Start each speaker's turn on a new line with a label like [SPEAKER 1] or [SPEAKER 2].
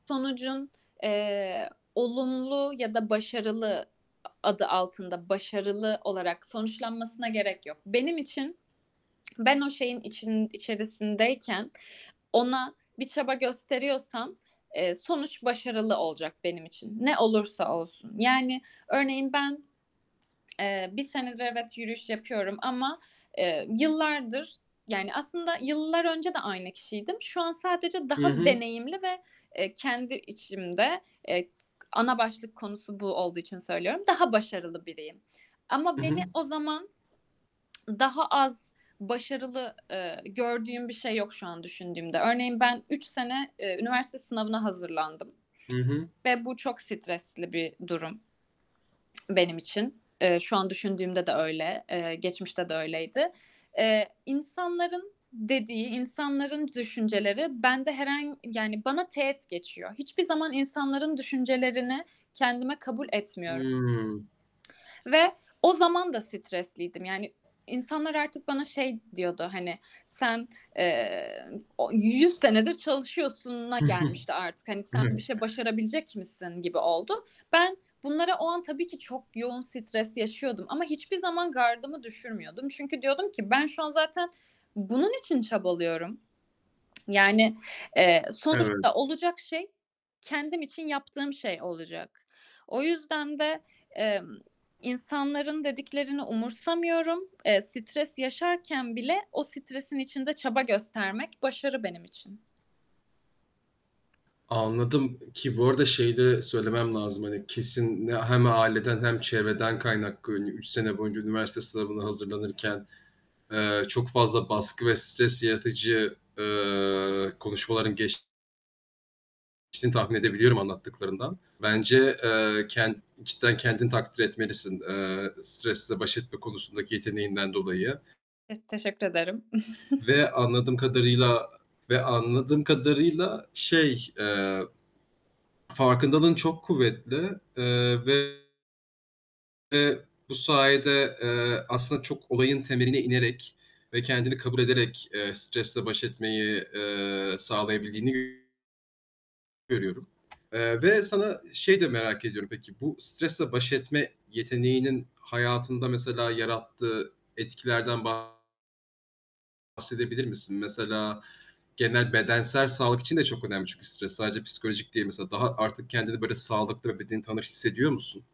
[SPEAKER 1] Sonucun, eee, olumlu ya da başarılı a adı altında, başarılı olarak sonuçlanmasına gerek yok. Benim için ben o şeyin için içerisindeyken ona bir çaba gösteriyorsam, eee, sonuç başarılı olacak benim için ne olursa olsun. Yani, örneğin ben, eee, 1 senedir evet, yürüyüş yapıyorum ama, eee, yıllardır yani, aslında yıllar önce de aynı kişiydim. Şu an sadece
[SPEAKER 2] Hı
[SPEAKER 1] daha
[SPEAKER 2] hı.
[SPEAKER 1] deneyimli ve, eee, kendi içimde, eee, -ana başlık konusu bu olduğu için söylüyorum daha başarılı biriyim.
[SPEAKER 2] I
[SPEAKER 1] Ama beni
[SPEAKER 2] hı.
[SPEAKER 1] o zaman daha az başarılı, eee, gördüğüm bir şey yok şu an düşündüğümde. Örneğin, ben 3 sene, eee, üniversite sınavına hazırlandım
[SPEAKER 2] Hı hı.
[SPEAKER 1] ve bu çok stresli bir durum benim için. Eee, şu an düşündüğümde de öyle, eee, geçmişte de öyleydi. Eee, insanların dediği, insanların düşünceleri bende herhan yani bana teğet geçiyor. Hiçbir zaman insanların düşüncelerini kendime kabul etmiyoru
[SPEAKER 2] Hıı.
[SPEAKER 1] Ve o zaman da stresliydim. Yani, insanlar artık bana şey diyordu, hani, "Sen, eee, o 100 senedir çalışıyorsun."a gelmişti artık. Hani, "Sen bir
[SPEAKER 2] Evet.
[SPEAKER 1] şey başarabilecek misin?" gibi oldu. Ben bunlara o an tabii ki çok yoğun stres yaşıyordum ama hiçbir zaman gardımı düşürmüyordum. Çünkü diyordum ki "Ben şu an zaten bunun için çabalıyorum. Yani, eee,
[SPEAKER 2] Evet.
[SPEAKER 1] sonuçta olacak şey, kendim için yaptığım şey olacak." O yüzden de, emm, insanların dediklerini umursamıyorum. Eee, stres yaşarken bile o stresin içinde çaba göstermek başarı benim için.
[SPEAKER 2] Anladım, ki bu arada şeyi de söylemem lazım, hani, kesin hem aileden hem çevreden kaynaklı, hani, 3 sene boyunca üniversite sınavına hazırlanırken, eee, çok fazla baskı ve stres yaratıcı, eee, konuşmaların geçtiğini tahmin edebiliyorum anlattıklarından. Bence, eee, kend cidden kendini takdir etmelisin, eee, stresle baş etme konusundaki yeteneğinden dolayı.
[SPEAKER 1] Ez Teşekkür ederim.
[SPEAKER 2] Ve anladığım kadarıyla ve anladığım kadarıyla şey, eee, farkındalığın çok kuvvetli, eee, ve bu sayede, eee, aslında çok olayın temeline inerek ve kendini kabul ederek, eee, stresle baş etmeyi, eee, sağlayabildiğini görüyorum. Eee, ve sana şeyi de merak ediyorum peki, bu stresle baş etme yeteneğinin hayatında mesela yarattığı etkilerden bahsedebilir misin? Mesela genel bedensel sağlık için de çok önemli çünkü stres sadece psikolojik değil. Mesela daha artık kendini, böyle, sağlıklı ve bedeni tanır hissediyor musun?